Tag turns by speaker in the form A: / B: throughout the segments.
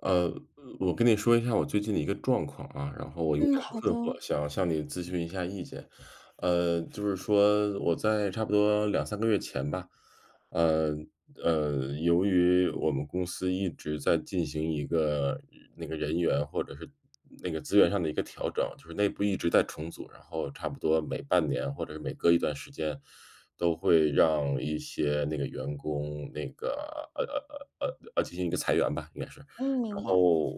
A: 呃，我跟你说一下我最近的一个状况啊，然后我有
B: 嗯，
A: 点
B: 好
A: 困
B: 的。
A: 惑，想向你咨询一下意见。呃，就是说我在差不多2-3个月前吧，呃，呃，由于我们公司一直在进行一个那个人员或者是那个资源上的一个调整，就是内部一直在重组，然后差不多每半年或者每隔一段时间，都会让一些那个员工，那个，呃呃呃呃呃，进行一个裁员吧，应该是。
B: 嗯，
A: 然
B: 明白。
A: 后，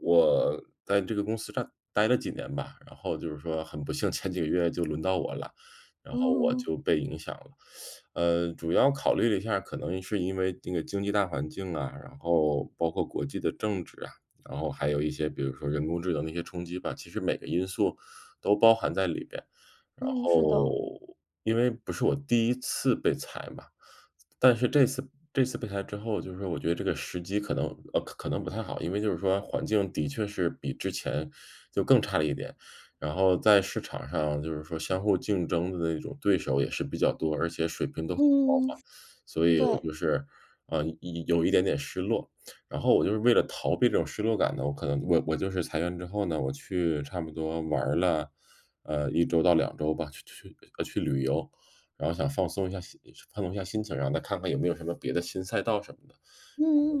A: 我在这个公司占呆了几年吧，然后就是说很不幸，前几个月就轮到我了，然后我
B: 嗯。
A: 就被影响了。呃，主要考虑了一下，可能是因为这个经济大环境啊，然后包括国际的政治啊，然后还有一些比如说人工智能的一些冲击吧，其实每个因素，都包含在里边。然
B: 嗯，是的。
A: 后，因为不是我第一次被裁嘛，但是这次这次被裁之后就是说我觉得这个时机可能呃，可能不太好，因为就是说环境的确是比之前，就更差了一点，然后在市场上就是说相互竞争的那种对手也是比较多，而且水平都很高
B: 嗯。
A: 嘛。所以我
B: 对。
A: 就是，呃，一一有一点点失落。然后我就是为了逃避这种失落感呢，我可能我我就是裁员之后呢，我去差不多玩儿了，呃，1周到2周吧，去去呃，去旅游，然后想放松一下心放松一下心情，然后再看看有没有什么别的新赛道什么的，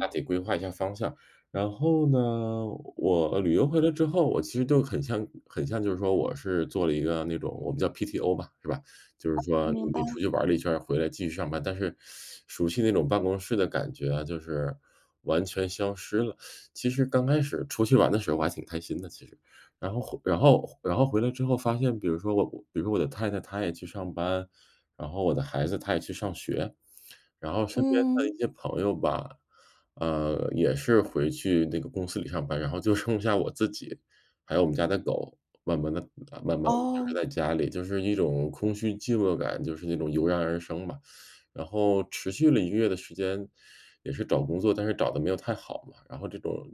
A: 大体大体规划一下方向。然后呢，呃，我旅游回来之后，我其实就很像很像就是说我是做了一个那种我们叫 PTO 吧，是吧，就是说
B: 明白。
A: 你出去玩了一圈儿，回来继续上班。但是，熟悉那种办公室的感觉啊，就是完全消失了。其实刚开始出去玩的时候我还挺开心的，其实。然后然后然后回来之后发现，比如说我我比如说我的太太，她也去上班，然后我的孩子他也去上学，然后身边的
B: 嗯。
A: 一些朋友吧，嗯，也是回去那个公司里上班，然后就剩下我自己，还有我们家的狗。慢慢地慢慢地就是
B: 哦。
A: 在家里，就是一种空虚、寂寞感，就是那种油然而生嘛。然后持续了1个月的时间，也是找工作，但是找得没有太好嘛，然后这种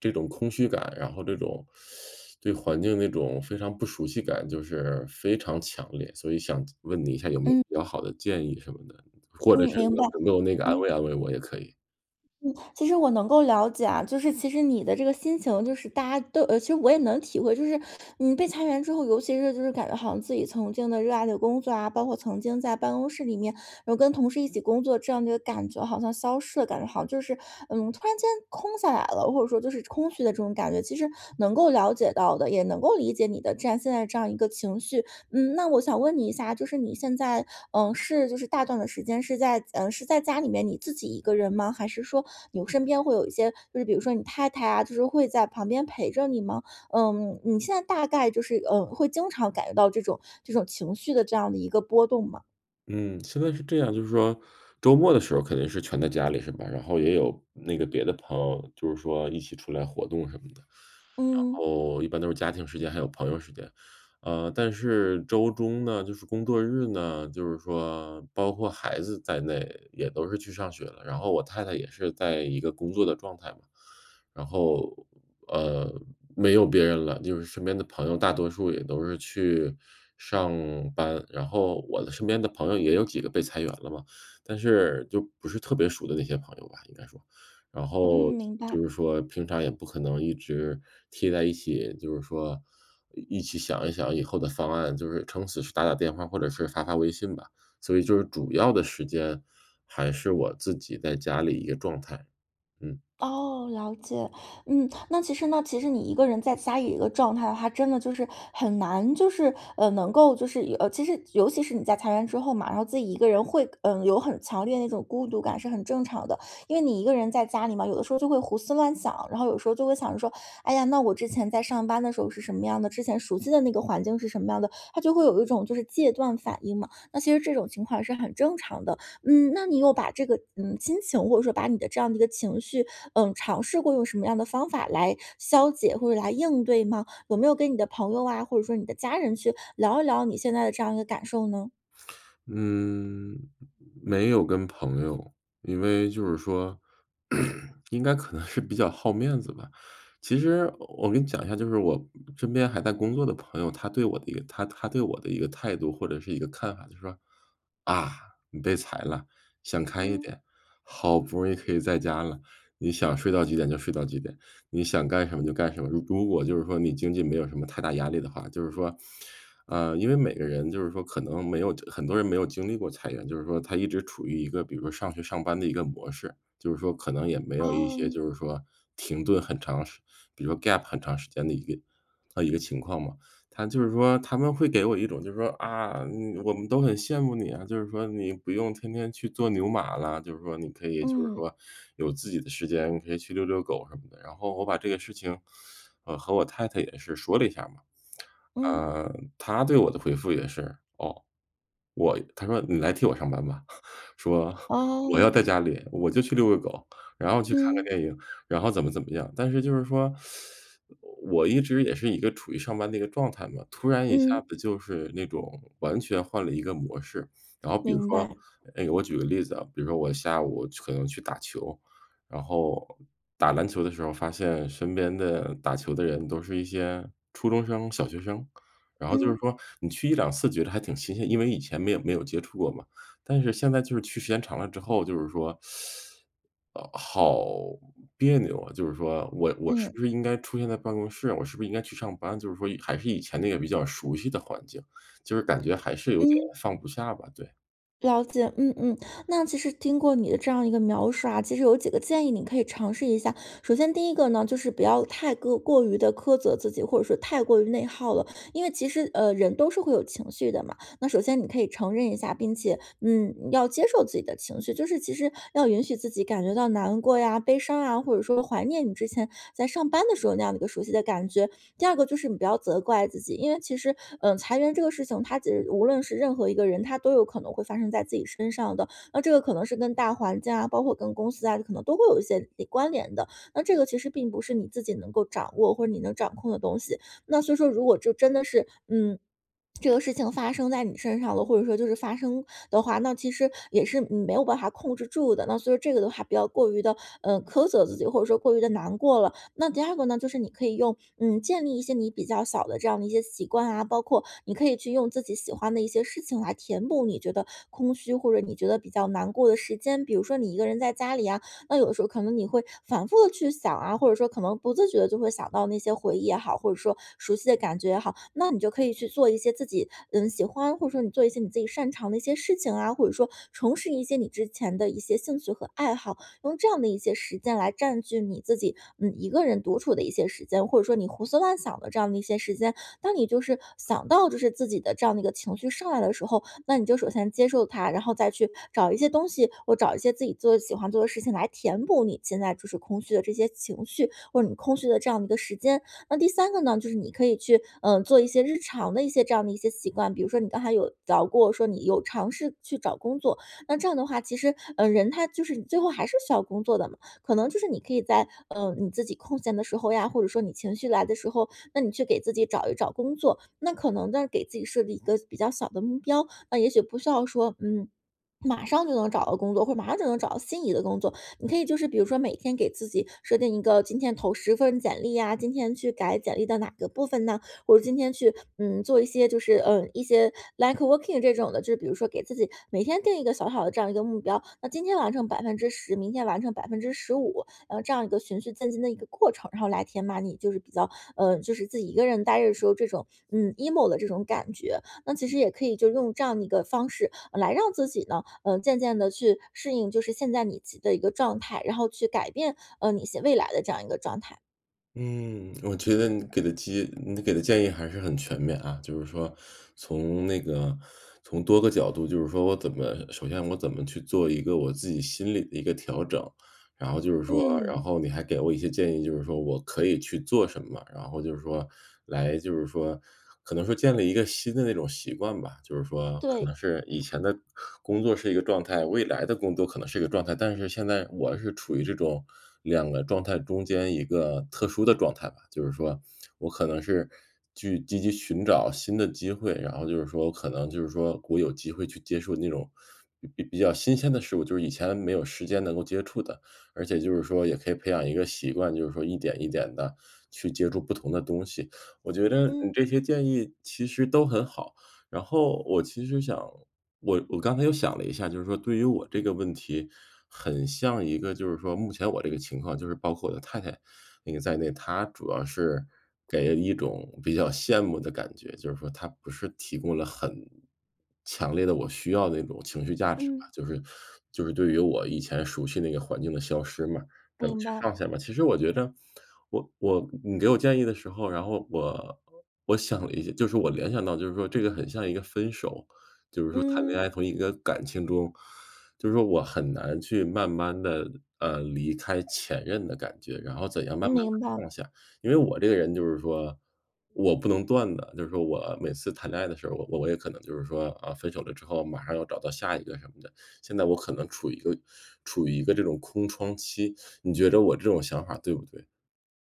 A: 这种空虚感，然后这种 对环境那种非常不熟悉感就是非常强烈，所以想问你一下有没有
B: 嗯。
A: 比较好的建议什么的？或者
B: 嗯，
A: 是
B: 明白，
A: 能够那个，安
B: 嗯。
A: 慰安慰我也可以。
B: 嗯，其实我能够了解啊。就是其实你的这个心情，就是大家都呃，其实我也能体会。就是你被裁员之后，尤其是就是感觉好像自己曾经的热爱的工作啊，包括曾经在办公室里面有跟同事一起工作，这样的一个感觉好像消失的，感觉好像就是，嗯，突然间空下来了，或者说就是空虚的这种感觉，其实能够了解到的，也能够理解你的这样现在这样一个情绪。嗯，那我想问你一下，就是你现在，呃，是就是大段的时间是在呃，是在家里面你自己一个人吗？还是说有身边会有一些就是比如说你太太啊，就是会在旁边陪着你吗？嗯，你现在大概就是，呃，会经常感觉到这种这种情绪的这样的一个波动吗？
A: 嗯，现在是这样，就是说周末的时候肯定是全在家里是吧，然后也有那个别的朋友，就是说一起出来活动什么的。然
B: 嗯。
A: 后一般都是家庭时间，还有朋友时间。呃，但是周中呢就是工作日呢，就是说包括孩子在内也都是去上学了，然后我太太也是在一个工作的状态嘛，然后，呃，没有别人了。就是身边的朋友大多数也都是去上班。然后我的身边的朋友也有几个被裁员了嘛，但是，就不是特别熟的那些朋友吧，应该说。然
B: 嗯，
A: 后，
B: 明白。
A: 就是说平常也不可能一直贴在一起，就是说，一一起想一想以后的方案，就是撑死是打打电话或者是发发微信吧，所以就是主要的时间还是我自己在家里一个状态，嗯。
B: 哦，了解。嗯，那其实呢其实你一个人在家里一个状态的话，真的就是很难就是，呃，能够就是，呃，其实尤其是你在裁员之后嘛，然后自己一个人会，呃，有很强烈那种孤独感是很正常的。因为你一个人在家里嘛，有的时候就会胡思乱想，然后有时候就会想着说：“哎呀，那我之前在上班的时候是什么样的，之前熟悉的那个环境是什么样的”，他就会有一种就是戒断反应嘛，那其实这种情况是很正常的。嗯，那你有把这个，嗯，心情，或者说把你的这样的一个情绪，嗯，尝试过用什么样的方法来消解或者来应对吗？有没有跟你的朋友啊，或者说你的家人去聊一聊你现在这样一个感受呢？
A: 嗯，没有跟朋友。因为就是说，应该可能是比较好面子吧。其实我跟你讲一下，就是我身边还在工作的朋友，他对我的一个他他对我的一个态度或者是一个看法，就是说：“啊，你被裁了，想开一
B: 嗯。
A: 点，好不容易可以在家了，你想睡到几点就睡到几点，你想干什么就干什么，如如果就是说你经济没有什么太大压力的话”。就是说呃，因为每个人就是说可能没有很多人没有经历过裁员。就是说他一直处于一个比如说上学、上班的一个模式，就是说可能也没有一些，
B: 哦。
A: 就是说，停顿很长时比如说 gap 很长时间的一个呃，一个情况嘛。他就是说他们会给我一种就是说，“啊，你我们都很羡慕你啊，就是说你不用天天去做牛马了，就是说你可以就是
B: 嗯。
A: 说有自己的时间可以去溜溜狗什么的”。然后我把这个事情，呃，和我太太也是说了一下嘛，
B: 嗯。
A: 嗯，她对我的回复也是，哦，我她说：“你来替我上班吧”，说：“我要在
B: 哦。
A: 家里，我就去遛个狗，然后去看个
B: 嗯。
A: 电影，然后怎么怎么样”。但是就是说，我一直也是一个处于上班的一个状态嘛，突然一下
B: 嗯。
A: 子就是那种完全换了一个模式。然后比如
B: 明
A: 说
B: 白。
A: 诶，我举个例子啊，比如说我下午可能去打球，然后打篮球的时候发现身边的打球的人都是一些初中生、小学生，然后就是
B: 嗯。
A: 说你去1-2次觉得还挺新鲜，因为以前没有没有接触过嘛，但是现在就是去时间长了之后就是说，呃，好别扭啊。就是说，我我是
B: 嗯。
A: 不是应该出现在办公室，我是不是应该去上班，就是说还是以前那个比较熟悉的环境，就是感觉还是有点
B: 嗯。
A: 放不下吧，对。
B: 了解，嗯嗯，那其实经过你的这样一个描述啊，其实有几个建议你可以尝试一下。首先第一个呢，就是不要太个过于的苛责自己，或者说太过于内耗了。因为其实，呃，人都是会有情绪的嘛，那首先你可以承认一下，并且，嗯，要接受自己的情绪，就是其实要允许自己感觉到难过呀、悲伤啊，或者说怀念你之前在上班的时候那样的一个熟悉的感觉。第二个就是你不要责怪自己，因为其实，呃，裁员这个事情它其实无论是任何一个人，它都有可能会发生在自己身上的，那这个可能是跟大环境啊，包括跟公司啊，可能都会有一些的关联的。那这个其实并不是你自己能够掌握或者你能掌控的东西。那所以说如果就真的是嗯，这个事情发生在你身上了，或者说就是发生的话，那其实也是，嗯，没有办法控制住的。那所以这个的话不要较过于地，呃，苛责自己，或者说过于地难过了。那第二个呢就是你可以用嗯，建立一些你比较小的这样的一些习惯啊，包括，你可以去用自己喜欢的一些事情来填补你觉得空虚，或者你觉得比较难过的时间。比如说你一个人在家里啊，那有的时候可能你会反复地去想啊，或者说可能不自觉地就会想到那些回忆也好，或者说熟悉的感觉也好，那你就可以去做一些自己，嗯，喜欢，或者说你做一些你自己擅长的一些事情啊，或者说重拾一些你之前的一些兴趣和爱好。用这样的一些时间来占据你自己，嗯，一个人独处的一些时间，或者说你胡思乱想的这样的一些时间。当你就是想到就是自己的这样的一个情绪上来的时候，那你就首先接受它，然后再去找一些东西，或找一些自己就是喜欢做的事情来填补你现在就是空虚的这些情绪，或者你空虚的这样的一个时间。那第三个呢，就是你可以去，呃，做一些日常的一些这样的一些习惯，比如说你刚才有聊过，说你有尝试去找工作，那这样的话，其实，呃，人他就是最后还是需要工作的嘛，可能就是你可以在，呃，你自己空闲的时候呀，或者说你情绪来的时候，那你去给自己找一找工作，那可能呢，给自己设立一个比较小的目标。呃，也许不需要说，嗯，马上就能找到工作，或者马上就能找到心仪的工作，你可以就是比如说每天给自己设定一个今天投10份简历呀，今天去改简历到哪个部分呢，或者今天去，嗯，做一些就是，呃，一些 networking 这种的，就比如说给自己每天定一个小小的这样一个目标。那今天完成10%，明天完成15%，呃，这样一个循序渐进的一个过程，然后来填满你就是比较，呃，就是自己一个人呆着的时候，这种，嗯，emo 的这种感觉，那其实也可以就用这样的一个方式来让自己呢，呃，渐渐地去适应就是现在你自己的一个状态，然后去改变，呃，你一些未来的这样一个状态。
A: 嗯，我觉得你给的建你给的建议还是很全面啊，就是说，从那个从多个角度就是说我怎么首先我怎么去做一个我自己心理的一个调整，然后就是说然
B: 嗯。
A: 后你还给了我一些建议，就是说我可以去做什么。然后就是说来就是说可能说建立一个新的那种习惯吧，就是说可
B: 对。
A: 能是，以前的工作是一个状态，未来的工作可能是一个状态，但是现在我是处于这种两个状态中间一个特殊的状态吧。就是说，我可能是去积极寻找新的机会，然后就是说可能就是说我有机会去接触那种比比较新鲜的事物，就是以前没有时间能够接触的，而且就是说也可以培养一个习惯，就是说，一点一点地去接触不同的东西。我觉得你
B: 嗯。
A: 这些建议其实都很好，然后，我其实想我我刚才又想了一下，就是说对于我这个问题，很像一个就是说目前我这个情况，就是包括我的太太，那个在内，她主要是给人一种比较羡慕的感觉。就是说她不是提供了很强烈的，我需要的那种情绪价值吧，
B: 嗯。
A: 就是就是对于我以前熟悉那个环境的消失嘛，怎么
B: 明
A: 去
B: 白。
A: 放下嘛。其实我觉得，我我你给我建议的时候，然后我我想了一下。就是我联想到就是说这个很像一个分手，就是说谈恋
B: 嗯。
A: 爱从一个感情中就是说我很难去慢慢地，呃，离开前任的感觉，然后怎样慢慢地
B: 明白。
A: 放下。因为我这个人就是说我不能断的，就是说我每次谈恋爱的时候，我我我也可能就是说，啊，分手了之后马上要找到下一个什么的，现在我可能处于一个处于一个这种空窗期。你觉着我这种想法对不对？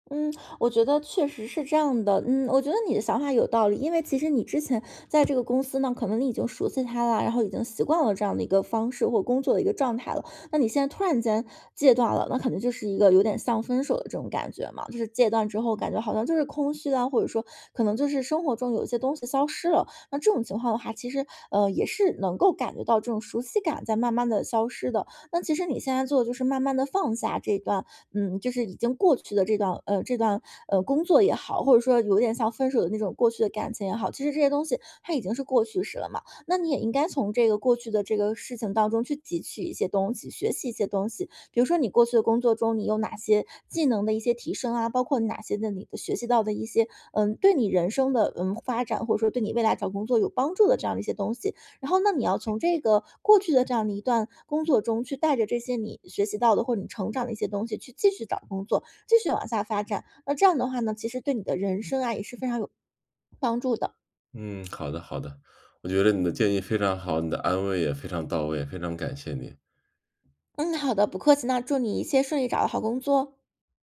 B: 嗯，我觉得确实是这样的。嗯，我觉得你的想法有道理，因为其实你之前在这个公司呢，可能你已经熟悉它了，然后已经习惯了这样的一个方式，或者工作的一个状态了。那你现在突然间戒断了，那可能就是一个有点像分手的这种感觉嘛，就是戒断之后感觉好像就是空虚啊，或者说，可能就是生活中有一些东西消失了，那这种情况的话，其实呃，也是能够感觉到这种熟悉感在慢慢地消失的。那其实你现在做的就是慢慢地放下这段嗯，就是已经过去的这段呃，这段，呃，工作也好，或者说有点像分手的那种过去的感情也好，其实这些东西它已经是过去时了嘛。那你也应该从这个过去的这个事情当中去汲取一些东西，学习一些东西，比如说你过去的工作中，你有哪些技能的一些提升啊，包括哪些的你的学习到的一些，呃，对你人生的，呃，发展，或者说对你未来找工作有帮助的这样的一些东西。然后呢，你要从这个过去的这样的一段工作中，去带着这些你学习到的或者你成长的一些东西，去继续找工作，继续往下发展。那这样的话呢，其实对你的人生啊，也是非常有帮助的。
A: 嗯，好的好的。我觉得你的建议非常好，你的安慰也非常到位，非常感谢你。
B: 嗯，好的，不客气。那祝你一切顺利，找到好工作。